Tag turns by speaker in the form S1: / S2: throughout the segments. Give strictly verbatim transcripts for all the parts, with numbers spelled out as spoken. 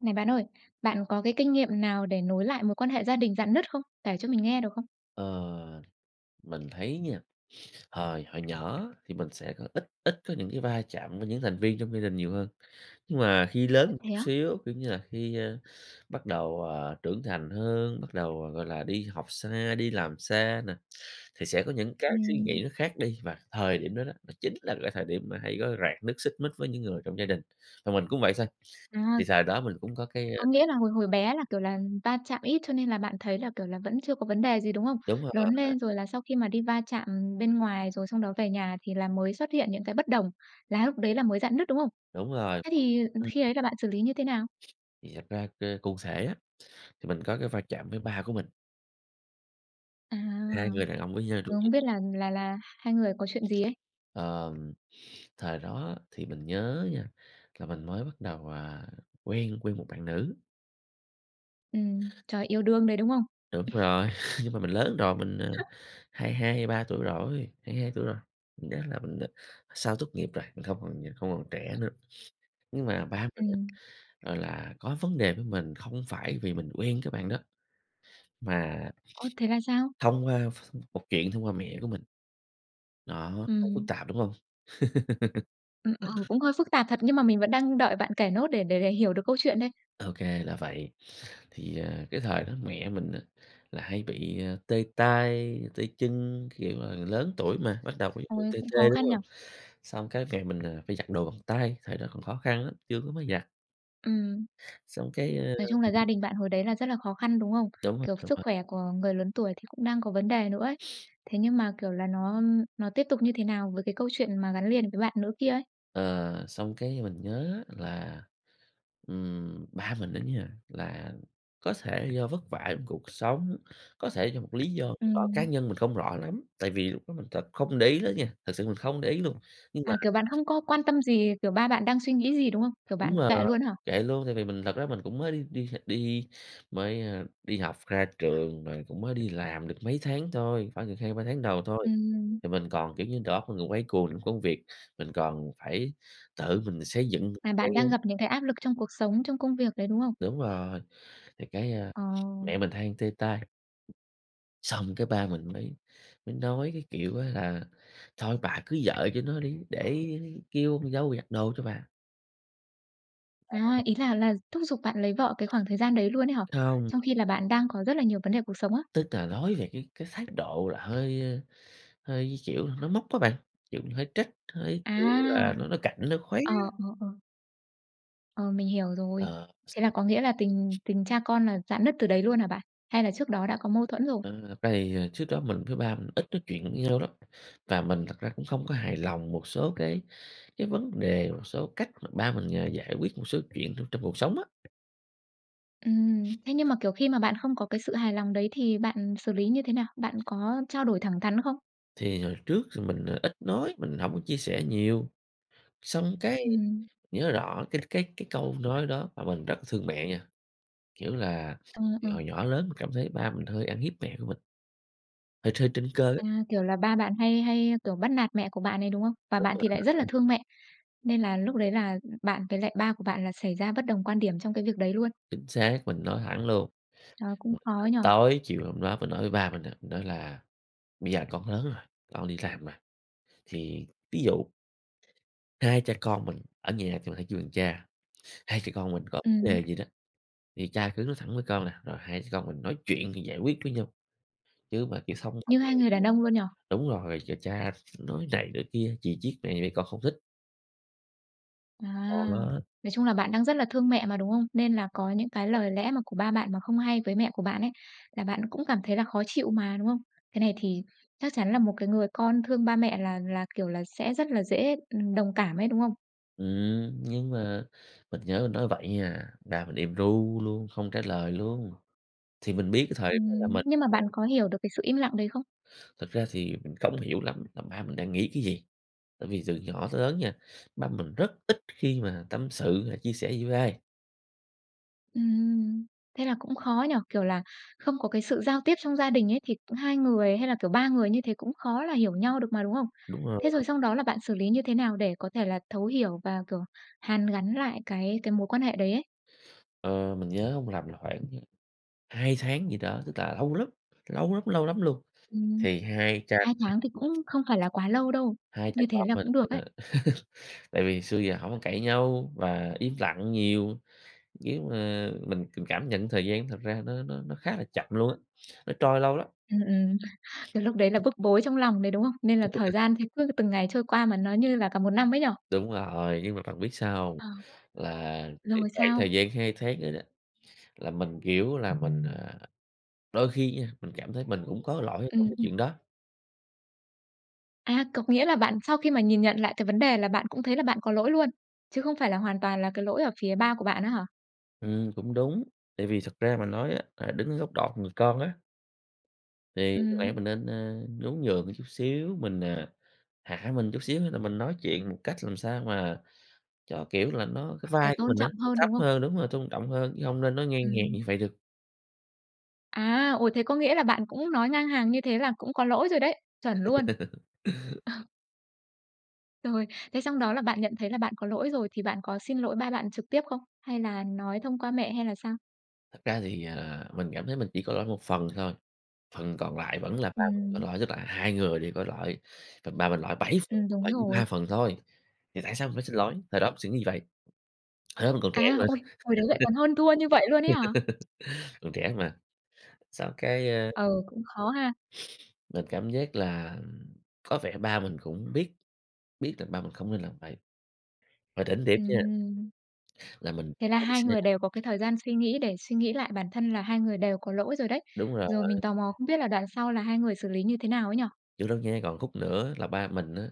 S1: Này, bạn ơi, bạn có cái kinh nghiệm nào để nối lại mối quan hệ gia đình rạn nứt không? Kể cho mình nghe được không?
S2: Ờ, mình thấy nha, hồi hồi nhỏ á, thì mình sẽ có ít ít có những cái va chạm với những thành viên trong gia đình nhiều hơn. Nhưng mà khi lớn
S1: Ơ,
S2: một chút
S1: thế á?
S2: xíu, kiểu như là khi, ơ, bắt đầu, ờ, trưởng thành hơn, bắt đầu, ờ, gọi là, đi học xa, đi làm xa nè, thì sẽ có những cái suy
S1: Ừm.
S2: nghĩ nó khác đi. Và thời điểm đó đó, nó chính là cái thời điểm mà hay có rạn nứt, xích mích với những người trong gia đình. Và mình cũng vậy thôi, thì
S1: À!
S2: thời đó mình cũng có cái, ơ
S1: Có nghĩa là hồi hồi bé là, kiểu là, va chạm ít cho nên là bạn thấy là, kiểu là, vẫn chưa có vấn đề gì, đúng không?
S2: Đúng
S1: Lớn
S2: rồi.
S1: lên rồi là sau khi mà đi va chạm bên ngoài, rồi xong đó về nhà thì là mới xuất hiện những cái bất đồng, là lúc đấy là mới rạn nứt, đúng không?
S2: Đúng rồi,
S1: Thế thì, ừ,
S2: ừm.
S1: khi ấy là bạn xử lý như thế nào?
S2: Thì thật ra c cụ thể á, thì mình có cái va chạm với ba của mình.
S1: À,
S2: Hai người đàn ông với nhau trong
S1: rồi không
S2: gia
S1: biết
S2: đình.
S1: là là là hai người có chuyện gì ấy?
S2: Ờ, ừm, thời đó thì mình nhớ nha, là mình mới bắt đầu, ờ, quen quen một bạn nữ.
S1: Ừm, trời, yêu đương đấy, đúng không?
S2: Đúng rồi, nhưng mà mình lớn rồi mình, ờ, hai hai hai ba tuổi rồi, hai hai tuổi rồi, mình nhớ là mình sau tốt nghiệp rồi, mình không còn ờ, không còn trẻ nữa, nhưng mà ba mình á,
S1: Ừm.
S2: gọi là, có vấn đề với mình không phải vì mình quen cái bạn đó mà
S1: Ơ, thế là sao?
S2: thông qua ph một chuyện thông qua mẹ của mình. Đó, nó phức
S1: Ừm.
S2: tạp, đúng hông?
S1: Ừm, ừ, cũng hơi phức tạp thật, nhưng mà mình vẫn đang đợi bạn kể nốt để để để hiểu được câu chuyện đây.
S2: Ô kê, là vậy, thì, à, cái thời đó mẹ mình á là hay bị, à, tê tay, tê chân, kiểu, à, lớn tuổi mà, bắt đầu có dấu hiệu
S1: Ôi!
S2: tê
S1: Cũng khó
S2: tê, đúng
S1: khăn nhỉ?
S2: hông? Xong cái mẹ mình, à, phải giặt đồ bằng tay, thời đó còn khó khăn lắm, chưa có máy giặt.
S1: Ừm.
S2: Xong cái, ờ
S1: Nói chung là gia đình bạn hồi đấy là rất là khó khăn, đúng không?
S2: Đúng rồi,
S1: Kiểu,
S2: đúng
S1: sức
S2: rồi.
S1: khỏe của người lớn tuổi thì cũng đang có vấn đề nữa ấy, thế nhưng mà, kiểu là, nó nó tiếp tục như thế nào với cái câu chuyện mà gắn liền với bạn nữ kia ấy?
S2: Ờ, xong cái mình nhớ là, ừm, ba mình đó nha, là có thể do vất vả trong cuộc sống, có thể do một lý do nào đó cá
S1: Ừm.
S2: nhân mình không rõ lắm, tại vì lúc đó mình th không để ý lắm nha, thực sự mình không để ý luôn, nhưng mà
S1: À, kiểu, bạn không có quan tâm gì, kiểu, ba bạn đang suy nghĩ gì, đúng không? Kiểu, bạn
S2: Đúng
S1: mặc
S2: rồi,
S1: kệ luôn á hả?
S2: kệ luôn, tại vì mình thật ra mình cũng mới đi đi đi mới đi học ra trường, rồi cũng mới đi làm được mấy tháng thôi, khoảng được hai ba tháng đầu thôi,
S1: Ừm.
S2: thì mình còn, kiểu như, đầu óc mình còn quay cuồng trong công việc, mình còn phải tự mình xây dựng một
S1: À,
S2: cái
S1: bạn đang gặp những cái áp lực trong cuộc sống, trong công việc đấy, đúng không?
S2: Đúng rồi, thì cái, ờ,
S1: Ờ.
S2: mẹ mình hay tê tay. Xong cái ba mình mới mới nói cái kiểu á là "Thôi bà cưới vợ cho nó đi, để kêu con dâu giặt đồ cho bà."
S1: À,
S2: [unintelligible]
S1: ý là là thúc giục bạn lấy vợ cái khoảng thời gian đấy luôn ấy hả?
S2: Hông.
S1: Trong khi là bạn đang có rất là nhiều vấn đề cuộc sống á?
S2: Tức là nói về cái cái thái độ là hơi hơi kiểu nói móc á bạn, kiểu mình hơi trách, hơi kiểu
S1: À!
S2: là nói nói cạnh, nói khoáy
S1: Ờ,
S2: á.
S1: ờ, ờ. Ờ, mình hiểu rồi.
S2: Ờ.
S1: Thế là có nghĩa là tình
S2: [unintelligible]
S1: tình cha con là rạn nứt từ đấy luôn hả bạn? Hay là trước đó đã có mâu thuẫn rồi?
S2: Ờ, thật ra thì trước đó, mình với ba mình ít nói chuyện được với nhau lắm. Và mình thật ra cũng không có hài lòng một số cái cái vấn đề, một số cách mà ba mình, ờ, giải quyết một số chuyện trong trong cuộc sống á.
S1: Ừm, thế nhưng mà, kiểu, khi mà bạn không có cái sự hài lòng đấy thì bạn xử lý như thế nào? Bạn có trao đổi thẳng thắn không?
S2: Thì hồi trước mình ít nói, mình hổng có chia sẻ nhiều. Xong cái
S1: Ừm.
S2: nhớ rõ cái cái cái câu nói đó, mà mình rất thương mẹ nha, kiểu là
S1: Ờ,
S2: thì
S1: ờ.
S2: hồi nhỏ lớn, mình cảm thấy ba mình hơi ăn hiếp mẹ của mình. Ờ, tr trên cơ á.
S1: À, kiểu là ba bạn hay hay, kiểu, bắt nạt mẹ của bạn ấy, đúng không? Và
S2: Đúng
S1: bạn thì
S2: rồi.
S1: lại rất là thương mẹ, nên là lúc đấy là, ừm, bạn với lại ba của bạn là xảy ra bất đồng quan điểm trong cái việc đấy luôn?
S2: Chính xác, mình nói thẳng luôn.
S1: Trời, cũng khó ấy nhỉ?
S2: Tối chiều hôm đó, mình nói với ba mình á, nói là "Bây giờ con lớn rồi, con đi làm rồi. Thì ví dụ hai cha con mình" ở nhà thì mình hay kêu bằng cha, "hai cha con mình có vấn
S1: Ừm.
S2: đề gì đó thì cha cứ nói thẳng với con nè, rồi hai cha con mình nói chuyện thì giải quyết với nhau. Chứ mà kiểu xong hoạnh
S1: Như
S2: họe"
S1: hai người đàn ông luôn nhỉ?
S2: [unintelligible] đúng rồi, "ch cha nói này nói kia, chì chiết mẹ thì con không thích."
S1: À.
S2: [unintelligible]
S1: Nói chung là bạn đang rất là thương mẹ mà, đúng không? Nên là có những cái lời lẽ mà của ba bạn, mà không hay với mẹ của bạn ấy là bạn cũng cảm thấy là khó chịu mà, đúng không? Cái này thì chắc chắn là một cái người con thương ba mẹ là là, kiểu, là sẽ rất là dễ, ừm, đồng cảm ấy, đúng không?
S2: Ừm, nhưng mà mình nhớ mình nói vậy nha, ba mình im ru luôn, không trả lời luôn. Thì mình biết cái thời đó là
S1: Ừm.
S2: mình
S1: Nhưng mà
S2: đang
S1: bạn có hiểu được cái sự im lặng đấy không?
S2: Thực ra thì, mình không hiểu lắm là ba mình đang nghĩ cái gì. Tại vì từ nhỏ tới lớn nha, ba mình rất ít khi mà tâm sự hay chia sẻ gì với ai.
S1: Ừm, thế là cũng khó nhỉ? Kiểu là, không có cái sự giao tiếp trong gia đình ấy, thì cũng hai người hay là, kiểu, ba người như thế cũng khó là hiểu nhau được mà, đúng không?
S2: Đúng rồi
S1: Thế
S2: đó.
S1: rồi xong đó là bạn xử lý như thế nào, để có thể là thấu hiểu và, kiểu, hàn gắn lại cái cái mối quan hệ đấy ấy?
S2: Ờ, mình nhớ hông lầm là khoảng hai tháng gì đó, tức là lâu lắm, lâu lắm, lâu lắm luôn,
S1: Ừm,
S2: thì hai cha
S1: hai tháng thì cũng không phải là quá lâu đâu,
S2: hai cha
S1: như thế
S2: con
S1: là
S2: mình
S1: cũng được ấy.
S2: tại vì xưa giờ, hổng có cãi nhau, và im lặng nhiều nhưng mà mình mình cảm nhận thời gian, thật ra nó nó nó khá là chậm luôn á, nó trôi lâu lắm.
S1: Ừm, ừm. Thì lúc đấy là bức bối trong lòng đấy, đúng không? Nên là
S2: Đúng rồi
S1: thời
S2: đấy.
S1: gian thì cứ từng ngày trôi qua, mà nó như là cả một năm ấy nhỉ?
S2: Đúng rồi, nhưng mà bạn biết sao hông?
S1: Ờ.
S2: Là cái
S1: Rồi
S2: khoảng
S1: sao?
S2: thời gian hai tháng đó đó, là mình hiểu là mình, à, đôi khi nha, mình cảm thấy mình cũng có lỗi ở trong
S1: Ừm,
S2: cái chuyện
S1: ừm.
S2: đó.
S1: À. Có nghĩa là bạn sau khi mà nhìn nhận lại cái vấn đề, là bạn cũng thấy là bạn có lỗi luôn, chứ không phải là hoàn toàn là cái lỗi ở phía ba của bạn á hả?
S2: Ừm, cũng đúng. Tại vì thực ra mà nói á, là đứng ở góc đọt người con á Thì có lẽ
S1: Ừm.
S2: mình nên, a, nhún nhường một chút xíu, mình à, hạ mình chút xíu, xong là mình nói chuyện một cách làm sao mà cho, kiểu là, nó cái
S1: Là
S2: vai của
S1: tôn
S2: mình á,
S1: trọng
S2: nó
S1: hơn,
S2: thấp
S1: đúng hông?
S2: hơn đúng rồi, tôn trọng hơn, chứ hông nên nói ngang hàng như
S1: Ừm.
S2: vậy được.
S1: À! Ôi. Thế có nghĩa là bạn cũng nói ngang hàng như thế là cũng có lỗi rồi đấy, chuẩn luôn. Ờ. Rồi. Thế xong đó là bạn nhận thấy là bạn có lỗi rồi, thì bạn có xin lỗi ba bạn trực tiếp không? Hay là nói thông qua mẹ hay là sao?
S2: Thật ra thì, ờ, mình cảm thấy mình chỉ có lỗi một phần thôi, phần còn lại vẫn là ba mình có
S1: Ừm.
S2: lỗi. Tức là hai người đều có lỗi, và ba mình lỗi bảy phần,
S1: Ừm,
S2: còn
S1: đúng
S2: lại [unintelligible]
S1: rồi.
S2: ba phần thôi, thì tại sao mình phải xin lỗi? Thời đó mình suy nghĩ như vậy. Hồi đó mình còn trẻ
S1: À,
S2: mà.
S1: ôi! Hồi đấy lại còn hơn thua như vậy luôn ấy hả?
S2: Còn trẻ hơn mà, xong cái a
S1: Ừ, cũng khó ha.
S2: mình cảm giác là có vẻ ba mình cũng biết, biết là ba mình không nên làm vậy. Mà đỉnh điểm nha,
S1: Ừm.
S2: là mình
S1: Thế là
S2: khóa chiếc
S1: hai
S2: xe
S1: người
S2: lại.
S1: đều có cái thời gian suy nghĩ để suy nghĩ lại bản thân là hai người đều có lỗi rồi đấy.
S2: Đúng rồi.
S1: Rồi mình tò mò không biết là đoạn sau là hai người xử lý như thế nào ấy nhỉ?
S2: Chưa đâu nha, còn khúc nữa là ba mình á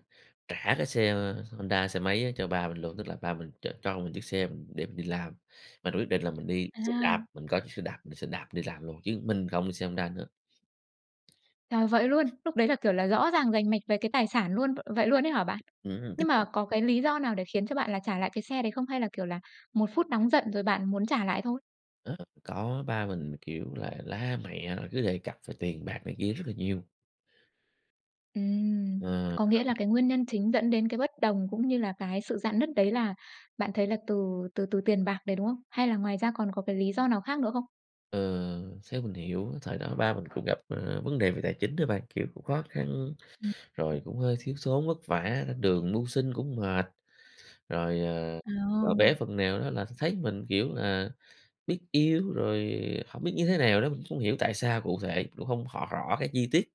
S2: trả cái xe Honda, xe máy á cho ba mình luôn. Tức là ba mình ch cho mình chiếc xe mình để mình đi làm. Mà rồi quyết định là mình đi xe
S1: À.
S2: đạp. Mình có chiếc xe đạp, mình sẽ đạp đi làm luôn, chứ mình không đi xe Honda nữa.
S1: Ờ, vậy luôn? Lúc đấy là kiểu là rõ ràng, rành mạch về cái tài sản luôn, v vậy luôn ấy hả bạn?
S2: Ừm.
S1: Nhưng mà
S2: [unintelligible]
S1: có cái lý do nào để khiến cho bạn là trả lại cái xe đấy không? Hay là, kiểu là, một phút nóng giận rồi bạn muốn trả lại thôi?
S2: Đó, có ba mình, kiểu là, la mẹ rồi cứ đề cập về tiền bạc này kia rất là nhiều.
S1: Ừm,
S2: Ờ.
S1: có nghĩa là cái nguyên nhân chính dẫn đến cái bất đồng cũng như là cái sự rạn nứt đấy là bạn thấy là từ từ từ tiền bạc đấy, đúng không? Hay là ngoài ra còn có cái lý do nào khác nữa không?
S2: Ờ, theo mình hiểu thời đó ba mình cũng gặp, ờ, vấn đề về tài chính đó bạn. Kiểu cũng khó khăn,
S1: Ừm,
S2: rồi
S1: ừm.
S2: cũng hơi thiếu thốn vất vả, lên đường mưu sinh cũng mệt. Rồi, ờ, và bé
S1: Ờ.
S2: phần nào đó là th thấy mình, kiểu là, biết yêu rồi hổng biết như thế nào nữa, mình không hiểu tại sao cụ thể, cũng hông hỏi rõ cái chi tiết.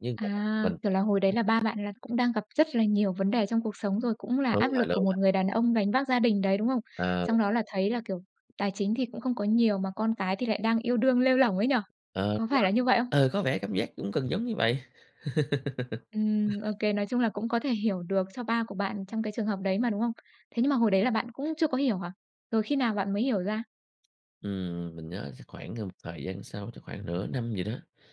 S2: Nhưng mà
S1: À!
S2: mình
S1: Kiểu là hồi đấy
S2: mình
S1: là ba bạn là cũng đang gặp rất là nhiều vấn đề trong cuộc sống rồi, cũng là
S2: Đúng
S1: áp
S2: rồi,
S1: lực của
S2: đúng
S1: một
S2: rồi.
S1: người đàn ông gánh vác gia đình đấy, đúng không?
S2: Ờ.
S1: Xong đó là thấy là, kiểu, tài chính thì cũng không có nhiều mà con cái thì lại đang yêu đương lêu lổng ấy nhỉ?
S2: Ờ,
S1: Có phải là
S2: [unintelligible]
S1: như vậy không?
S2: ờ, có vẻ cảm giác cũng gần giống như vậy.
S1: Ừm, OK. Nói chung là cũng có thể hiểu được cho ba của bạn trong cái trường hợp đấy mà, đúng không? Thế nhưng mà hồi đấy là bạn cũng chưa có hiểu hả? Rồi khi nào bạn mới hiểu ra?
S2: Ừm, mình nhớ chắc khoảng gần một thời gian sau, chắc khoảng nửa năm gì đó.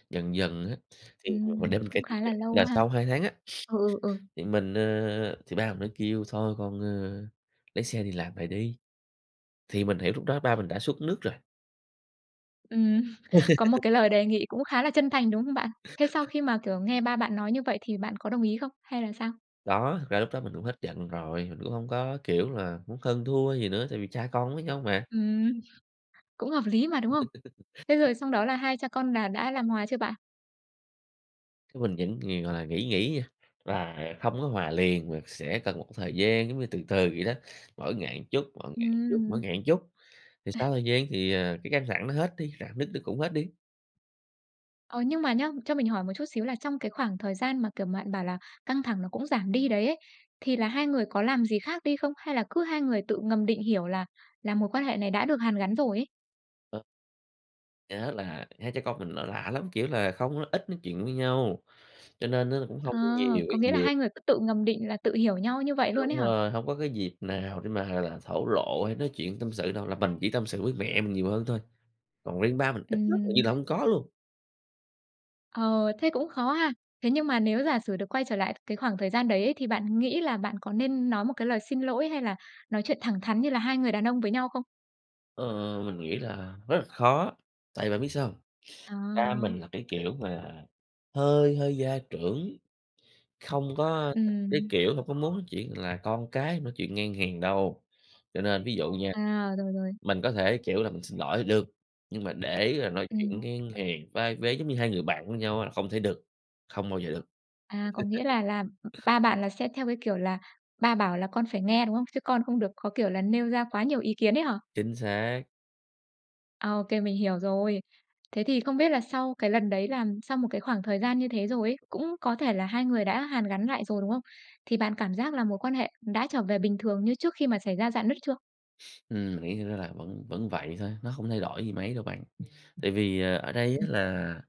S2: Dần dần á, thì mình
S1: Ừm,
S2: để mình kể
S1: cũng
S2: tiếp
S1: khá
S2: nè,
S1: là lâu
S2: là
S1: ha.
S2: sau hai tháng á,
S1: Ừ, ừ, ừ.
S2: thì mình, ờ thì ba mình mới kêu: "Thôi con, ơ, lấy xe đi làm lại đi." Thì mình hiểu lúc đó ba mình đã xuống nước rồi.
S1: Ừm, có một cái lời đề nghị cũng khá là chân thành, đúng không bạn? Thế sau khi mà, kiểu, nghe ba bạn nói như vậy, thì bạn có đồng ý không? Hay là sao?
S2: Đó, thực ra lúc đó mình cũng hết giận rồi. Mình cũng hông có, kiểu là, muốn hơn thua gì nữa, tại vì cha con với nhau mà.
S1: Ừm, cũng hợp lý mà, đúng không? Thế rồi xong đó là hai cha con là đã làm hòa chưa bạn?
S2: Cái mình vẫn nhiều gọi là nghĩ nghĩ nha, và không có hòa liền, và sẽ cần một thời gian, giống như từ từ vậy đó. Mỗi ngày chút, mỗi ngày chút, mỗi
S1: Ừm.
S2: ngày chút. Thì sau thời gian thì, ờ, cái căng thẳng nó hết đi, rạn nứt nó cũng hết đi.
S1: Ờ, nhưng mà nhớ, cho mình hỏi một chút xíu, là trong cái khoảng thời gian mà, kiểu, bạn bảo là căng thẳng nó cũng giảm đi đấy ấy, thì là hai người có làm gì khác đi không? Hay là cứ hai người tự ngầm định hiểu là là mối quan hệ này đã được hàn gắn rồi ấy?
S2: Ờ. Nhớ là hai cha con mình nó lạ lắm, kiểu là không ít nói chuyện với nhau, cho nên á cũng hông
S1: À,
S2: có nhiều nhiều
S1: có
S2: cái
S1: nghĩa là
S2: dịp.
S1: hai người cứ tự ngầm định, là tự hiểu nhau như vậy luôn ấy
S2: Đúng
S1: hả?
S2: rồi, hông có cái dịp nào để mà thổ lộ hay nói chuyện tâm sự đâu. Là mình chỉ tâm sự với mẹ mình nhiều hơn thôi, còn riêng ba mình ít lắm, hình
S1: Ừm.
S2: như là hông có luôn.
S1: Ờ, thế cũng khó ha. Thế nhưng mà nếu giả sử được quay trở lại cái khoảng thời gian đấy ấy thì bạn nghĩ là bạn có nên nói một cái lời xin lỗi hay là nói chuyện thẳng thắn như là hai người đàn ông với nhau không?
S2: Ờ, mình nghĩ là rất là khó, tại bạn biết sao hông? Ba
S1: À.
S2: mình là cái kiểu mà hơi hơi gia trưởng, không có, ơ, thích cái
S1: Ừm.
S2: kiểu mà có muốn nói chuyện là con cái nói chuyện ngang hàng đâu. Cho nên ví dụ nha
S1: À, rồi, rồi.
S2: mình có thể, kiểu là, mình xin lỗi th được, nhưng mà để rồi nói chuyện
S1: Ừm.
S2: ngang hàng vai vế giống như hai người bạn với nhau á không thể được, không bao giờ được.
S1: À, có nghĩa là là ba bạn là sẽ theo cái kiểu là ba bảo là con phải nghe, đúng không? Chứ con không được có kiểu là nêu ra quá nhiều ý kiến ấy hả?
S2: Chính xác.
S1: Ô kê, mình hiểu rồi. Thế thì không biết là sau cái lần đấy là sau một cái khoảng thời gian như thế rồi ấy, cũng có thể là hai người đã hàn gắn lại rồi, đúng không? Thì bạn cảm giác là mối quan hệ đã trở về bình thường như trước khi mà xảy ra rạn nứt chưa?
S2: Ừm, nghĩ thì nó là vẫn vẫn vậy thôi, nó không thay đổi gì mấy đâu bạn, tại vì, ờ, ở đây
S1: Ừm.
S2: á là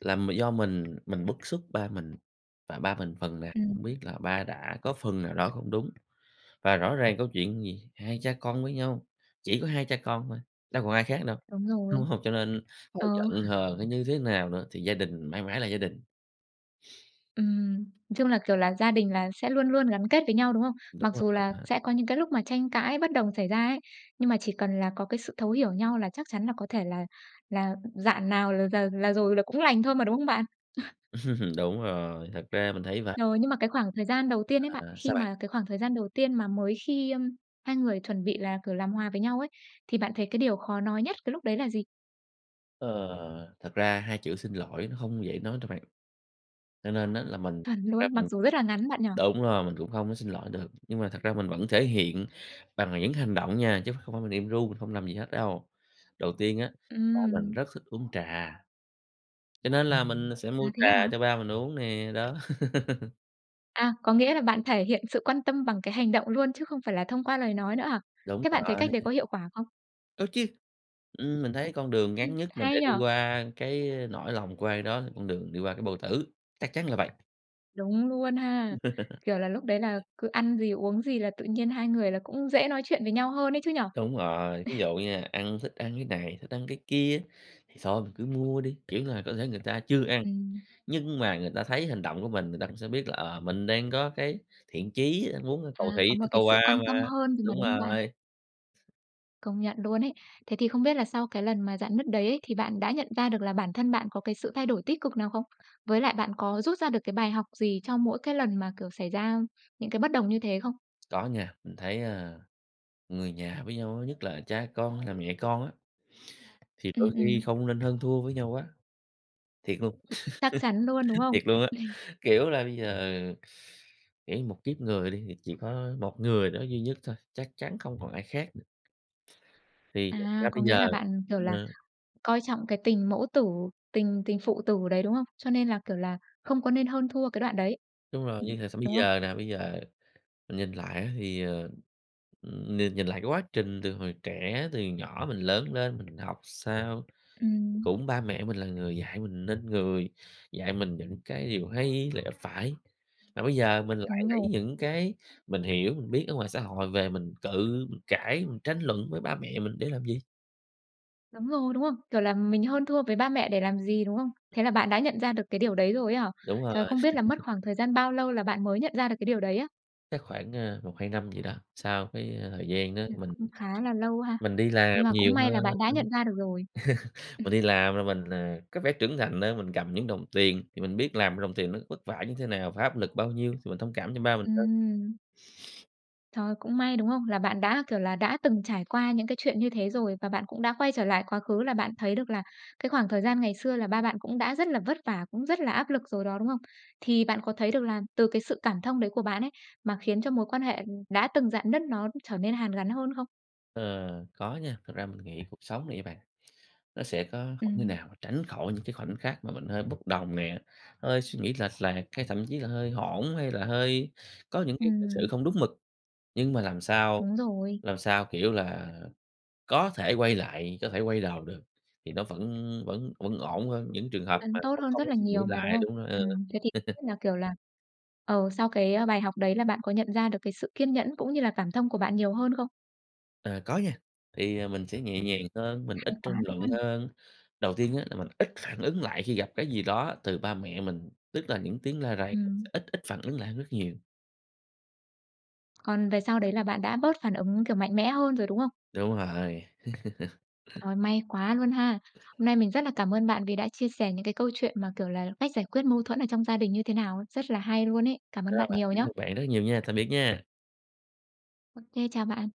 S2: là m do mình, mình bức xúc ba mình, và ba mình phần nào
S1: Ừm.
S2: cũng biết là ba đã có phần nào đó không đúng. Và rõ ràng câu chuyện gì? Hai cha con với nhau chỉ có hai cha con thôi đâu còn ai khác đâu,
S1: Đúng rồi.
S2: đúng hông? Cho nên có
S1: Ờ.
S2: giận hờn hay như thế nào nữa thì gia đình mãi mãi là gia đình.
S1: Ừm. Chung là, kiểu là, gia đình là sẽ luôn luôn gắn kết với nhau, đúng không?
S2: Đúng
S1: Mặc
S2: rồi
S1: dù
S2: á
S1: là
S2: bạn.
S1: sẽ có những cái lúc mà tranh cãi bất đồng xảy ra ấy, nhưng mà chỉ cần là có cái sự thấu hiểu nhau là chắc chắn là có thể là là rạn nào là rà là rồi là cũng lành thôi mà, đúng không bạn?
S2: Đúng rồi, thật ra mình thấy vậy.
S1: Rồi, nhưng mà cái khoảng thời gian đầu tiên ấy bạn,
S2: À,
S1: khi
S2: sao bạn?
S1: mà cái khoảng thời gian đầu tiên mà mới khi, ưm, hai người chuẩn bị là, kiểu, làm hòa với nhau ấy, thì bạn thấy cái điều khó nói nhất cái lúc đấy là gì?
S2: Ờ, thật ra hai chữ xin lỗi nó hông dễ nói đâu bạn. Cho nên á là mình
S1: Chuẩn
S2: thật ra
S1: luôn, mặc
S2: mình
S1: dù rất là ngắn bạn nhỉ?
S2: đúng rồi, mình cũng không có xin lỗi được. Nhưng mà thật ra mình vẫn thể hiện bằng những hành động nha, chứ ph hông phải mình im ru mình hông làm gì hết đâu. Đầu tiên á, ba mình
S1: Ừm.
S2: rất thích uống trà, cho nên là mình sẽ
S1: À,
S2: mua
S1: thế hả?
S2: trà cho ba mình uống nè đó.
S1: À, có nghĩa là bạn thể hiện sự quan tâm bằng cái hành động luôn chứ không phải là thông qua lời nói nữa hả?
S2: Đúng
S1: Thế bạn thấy
S2: rồi.
S1: cách đấy có hiệu quả không?
S2: Có chứ, ừm, mình thấy con đường
S1: Ừm,
S2: ngắn nhất mà
S1: hay
S2: để
S1: nhỉ?
S2: đi qua cái nỗi lòng của ai đó là con đường đi qua cái bao tử. Chắc chắn là vậy!
S1: Đúng luôn ha! Kiểu là, lúc đấy là cứ ăn gì, uống gì là tự nhiên hai người là cũng dễ nói chuyện với nhau hơn ấy chứ nhỉ?
S2: Đúng rồi, thí dụ nha, ăn thích ăn cái này, thích ăn cái kia á, thì thôi mình cứ mua đi, kiểu là, có thể người ta chưa ăn,
S1: Ừm.
S2: nhưng mà người ta thấy hành động của mình, người ta cũng sẽ biết là, ờ, mình đang có cái thiện chí á muốn cầu
S1: À, có
S2: thị
S1: một cái
S2: cầu
S1: sự
S2: hoà
S1: quan tâm
S2: mà,
S1: hơn rồì mà,
S2: đúng
S1: đúng không bạn?
S2: rồi.
S1: Công nhận luôn ấy. Thế thì không biết là sau cái lần mà rạn nứt đấy ấy, thì bạn đã nhận ra được là bản thân bạn có cái sự thay đổi tích cực nào không? Với lại bạn có rút ra được cái bài học gì cho mỗi cái lần mà, kiểu, xảy ra những cái bất đồng như thế không?
S2: Có nha, mình thấy, ờ, người nhà với nhau á, nhất là cha con hay là mẹ con á thì đôi
S1: Ừm,
S2: khi
S1: ừm.
S2: không nên hơn thua với nhau quá. Thiệt luôn,
S1: Chắc chắn luôn, đúng không?
S2: thiệt luôn á, kiểu là, bây giờ, kiểu như, một kiếp người đi thì chỉ có một người đó duy nhất thôi, chắc chắn không còn ai khác nữa. Thì thật ra
S1: À,
S2: bây
S1: có nghĩa
S2: giờ
S1: là bạn, kiểu là,
S2: ờ.
S1: coi trọng cái tình mẫu tử, tình tình phụ tử đấy, đúng không? Cho nên là, kiểu là, không có nên hơn thua cái đoạn đấy,
S2: Đúng rồi,
S1: ừm,
S2: như thời sống bây
S1: đúng không?
S2: giờ nè, bây giờ mình nhìn lại á thì, ờ, ừm, nhìn nhìn lại cái quá trình từ hồi trẻ, từ nhỏ mình lớn lên, mình học sao,
S1: Ừm.
S2: cũng ba mẹ mình là người dạy mình nên người, dạy mình những cái điều hay lẽ phải. Mà bây giờ mình lại
S1: Đúng
S2: lấy
S1: rồi.
S2: những cái mình hiểu, mình biết ở ngoài xã hội về mình cự, mĩnh cãi, mình tranh luận với ba mẹ mình để làm gì?
S1: Đúng rồi, đúng không? Kiểu là mình hơn thua với ba mẹ để làm gì, đúng không? Thế là bạn đã nhận ra được cái điều đấy rồi ấy hả?
S2: Đúng rồi.
S1: Trời, không biết là mất khoảng thời gian bao lâu là bạn mới nhận ra được cái điều đấy á?
S2: Chắc khoảng, ờ, một hai năm gì đó, sau cái thời gian đó
S1: Ừm,
S2: mình
S1: cũng khá là lâu ha.
S2: mình đi làm
S1: Nhưng mà
S2: nhiều
S1: cũng may
S2: hơn
S1: là
S2: đó.
S1: bạn đã nhận ra được rồi. Ừm.
S2: Mình đi làm rồi mình, ờ, có vẻ trưởng thành hơn, mình cầm những đồng tiền thì mình biết làm ra đồng tiền nó vất vả như thế nào và áp lực bao nhiêu, thì mình thông cảm cho ba mình hơn.
S1: Ừm. Trời! Cũng may, đúng không? Là bạn đã, kiểu là, đã từng trải qua những cái chuyện như thế rồi, và bạn cũng đã quay trở lại quá khứ là bạn thấy được là cái khoảng thời gian ngày xưa là ba bạn cũng đã rất là vất vả, cũng rất là áp lực rồi đó, đúng không? Thì bạn có thấy được là từ cái sự cảm thông đấy của bạn ấy, mà khiến cho mối quan hệ, ừm, đã từng rạn nứt nó, ưm, trở nên hàn gắn hơn không?
S2: Ờ, có nha, thật ra mình nghĩ cuộc sống này nha bạn, nó sẽ có không thể
S1: Ừm.
S2: nào mà tránh khỏi những cái khoảnh khắc mà mình hơi bốc đồng nè, hơi suy nghĩ lệch lạc, hay thậm chí là hơi hỗn hay là hơi có những cái cư xử
S1: Ừm.
S2: không đúng mực. Nhưng mà làm sao,
S1: Đúng rồi.
S2: làm sao, kiểu là, có thể quay lại, có thể quay đầu được, thì nó vẫn vẫn vẫn ổn hơn những trường hợp mà
S1: Vẫn tốt
S2: không
S1: hơn
S2: không
S1: rất
S2: có
S1: là
S2: suy nghĩ
S1: nhiều mà, đúng
S2: lại
S1: không?
S2: đúng rồi, ừ.
S1: Ừm, thế thì không biết là, kiểu là, ờ, sau cái bài học đấy là bạn có nhận ra được cái sự kiên nhẫn cũng như là cảm thông của bạn nhiều hơn không?
S2: Ờ, có nha. Thì, à, mình sẽ nhẹ nhàng hơn, mình
S1: Hay
S2: ít
S1: quá
S2: tranh luận
S1: luôn!
S2: hơn. Đầu tiên á, là mình ít phản ứng lại khi gặp cái gì đó từ ba mẹ mình, tức là những tiếng la rầy,
S1: Ừm.
S2: ít ít phản ứng lại rất nhiều.
S1: Còn về sau đấy là bạn đã bớt phản ứng, kiểu, mạnh mẽ hơn rồi, đúng không?
S2: Đúng rồi.
S1: Trời, may quá luôn ha! Hôm nay mình rất là cảm ơn bạn vì đã chia sẻ những cái câu chuyện mà kiểu là cách giải quyết mâu thuẫn ở trong gia đình như thế nào, rất là hay luôn ấy. Cảm
S2: Ra
S1: ơn bạn
S2: vậy.
S1: nhiều
S2: Cảm
S1: nhá!
S2: ơn bạn rất nhiều nha, tạm biệt nha!
S1: OK, chào bạn.